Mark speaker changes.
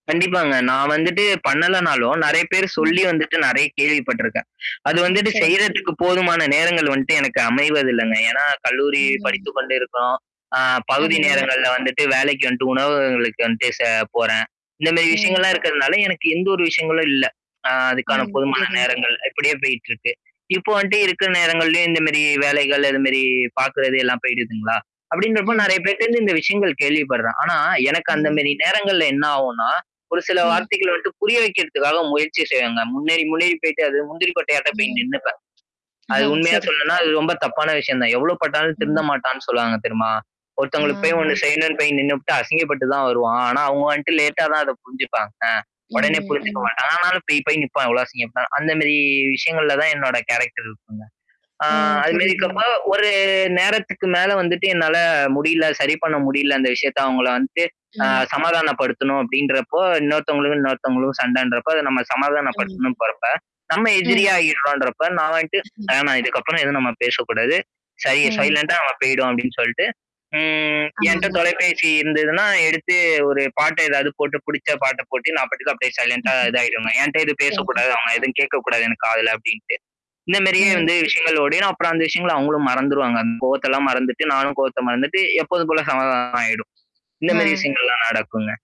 Speaker 1: கண்டிப்பாங்க. நான் வந்துட்டு பண்ணலனாலும் நெறைய பேர்
Speaker 2: ம்.
Speaker 1: சொல்லி வந்துட்டு நெறைய கேள்விப்பட்டருக்கேன். அது
Speaker 2: அ
Speaker 1: வந்துட்டு
Speaker 2: சரிங்
Speaker 1: செய்றதுக்கு போதுமான நேரங்கள் வந்துட்டு எனக்கு அமைவதில்லங்க. ஏன்னா, கல்லூரி
Speaker 2: ம்.
Speaker 1: படித்துக்க கொண்டு இருக்கிறோம். ஆ பகுதி
Speaker 2: ஆமாங்க.
Speaker 1: நேரங்கள்ல வந்துட்டு வேலைக்கு வந்துட்டு உணவுகங்களுக்கு வந்துட்டு செ போறேன். இந்த மாரி
Speaker 2: ம்.
Speaker 1: விஷயங்கள்லாம் இருக்கிறதுனால, எனக்கு எந்த ஒரு விஷயங்களும் இல்ல. அ அதுக்கான
Speaker 2: ம்.
Speaker 1: பொதுமான
Speaker 2: புரியுதுங்க.
Speaker 1: நேரங்கள் இப்படியே போயிட்டு இருக்கு. இப்போ வந்துட்டு இருக்கிற நேரங்கள்லயும் இந்தமரி வேலைகள், அதுமரி பார்க்கறது எல்லாம் போயிடுதுங்களா? அப்டின்றப்போ
Speaker 2: ம்.
Speaker 1: நெறைய
Speaker 2: சரி.
Speaker 1: பேர்டருந்து இந்த விஷயங்கள் கேள்விப்படுறேன். ஆனா, எனக்கு அந்த
Speaker 2: ம்.
Speaker 1: மேரி நேரங்கள்ல என்ன ஆகும்னா, ஒரு சில
Speaker 2: ம்.
Speaker 1: வார்த்தைகள் வந்துட்டு புரிய வைக்கிறதுக்காக முயற்சி செய்வோங்க. முன்னேறி முன்னேறி போய்ட்டு அது முந்திரி கொட்டையாட்டம் போய்
Speaker 2: ம்.
Speaker 1: நின்னுப்பேன்.
Speaker 2: ஹ,
Speaker 1: அது உண்மையா
Speaker 2: சரி,
Speaker 1: சொல்லேன்னா, அது
Speaker 2: [unintelligible]
Speaker 1: ரொம்ப தப்பான விஷயம் தான். எவ்வளோ பட்டாலும் திருந்த
Speaker 2: ம்.
Speaker 1: மாட்டான்னு சொல்லுவாங்க தெரியுமா? ஒருத்தவங்களுக்கு
Speaker 2: அ.
Speaker 1: போய் ஒண்ணு செய்யணும்னு போய் நின்னுப்பட்டு, அசிங்கப்பட்டு தான் வருவான். ஆனா அவங்க வந்துட்டு லேட்டா தான் அத புரிஞ்சுப்பாங்க. அ உடனே
Speaker 2: ம்.
Speaker 1: புரிஞ்சுக்க
Speaker 2: ம்.
Speaker 1: மாட்டாங்க. ஆனாலும் போய் போய் நிப்பான். எவ்வளோ அசிங்கப்பட்டாலும். அந்த மாரி விஷயங்கள்ல தான் என்னோட கேரக்டர் இருக்குங்க. ஆ
Speaker 2: ம்.
Speaker 1: அதுமாரி
Speaker 2: புரியுதுங்க.
Speaker 1: இருக்கப்போ ஒரு நேரத்துக்கு மேல வந்துட்டு என்னால முடியல, சரி பண்ண முடியல அந்த விஷயத்த அவங்கள வந்துட்டு அ
Speaker 2: ம்.
Speaker 1: சமாதானப்படுத்தணும் அப்படின்றப்போ, இன்னொருத்தவங்களுக்கும், இன்னொருத்தவங்களும் சண்டைன்றப்போ அத நம்ம
Speaker 2: ஆமாங்க.
Speaker 1: சமாதானப்படுத்தணும் போறப்ப, நம்ம
Speaker 2: ம்.
Speaker 1: எதிரியிடறோன்றப்ப, நான் வந்துட்டு
Speaker 2: ம்.
Speaker 1: வேண்டாம், இதுக்கப்புறம் எதுவும் நம்ம பேசக்கூடாது. சரி.
Speaker 2: ம்.
Speaker 1: சைலன்டா அங்க போய்டும் அப்படின்னு சொல்லிட்டு ம் என்ட்ட
Speaker 2: ஆமாங்க.
Speaker 1: தொலைபேசி இருந்ததுன்னா, எடுத்து ஒரு பாட்ட ஏதாவது போட்டு புடிச்ச பாட்ட போட்டு, நான் பாட்டுக்கு அப்படியே சைலன்ண்டா இதாயிடுங்க. என்ட்ட எது
Speaker 2: சரி.
Speaker 1: பேசக்கூடாது. அவங்க எதுவும் கேட்கக்கூடாது எனக்க அதுல அப்ப்டின்ட்டு. இந்த மேரியே
Speaker 2: ம்.
Speaker 1: வந்து விஷயங்கள் ஓடினா, அப்புறம் அந்த விஷயங்கள்ல அவங்களும் மறந்துருவாங்க. அந்த கோவத்தெல்லாம் மறந்துட்டு, நானும் கோவத்த மறந்துட்டு, எப்போதுக்குள்ள சமாதானம் ஆயிடும். இந்த
Speaker 2: ஆ.
Speaker 1: மாரி விஷயங்கள்லாம் நடக்குங்க.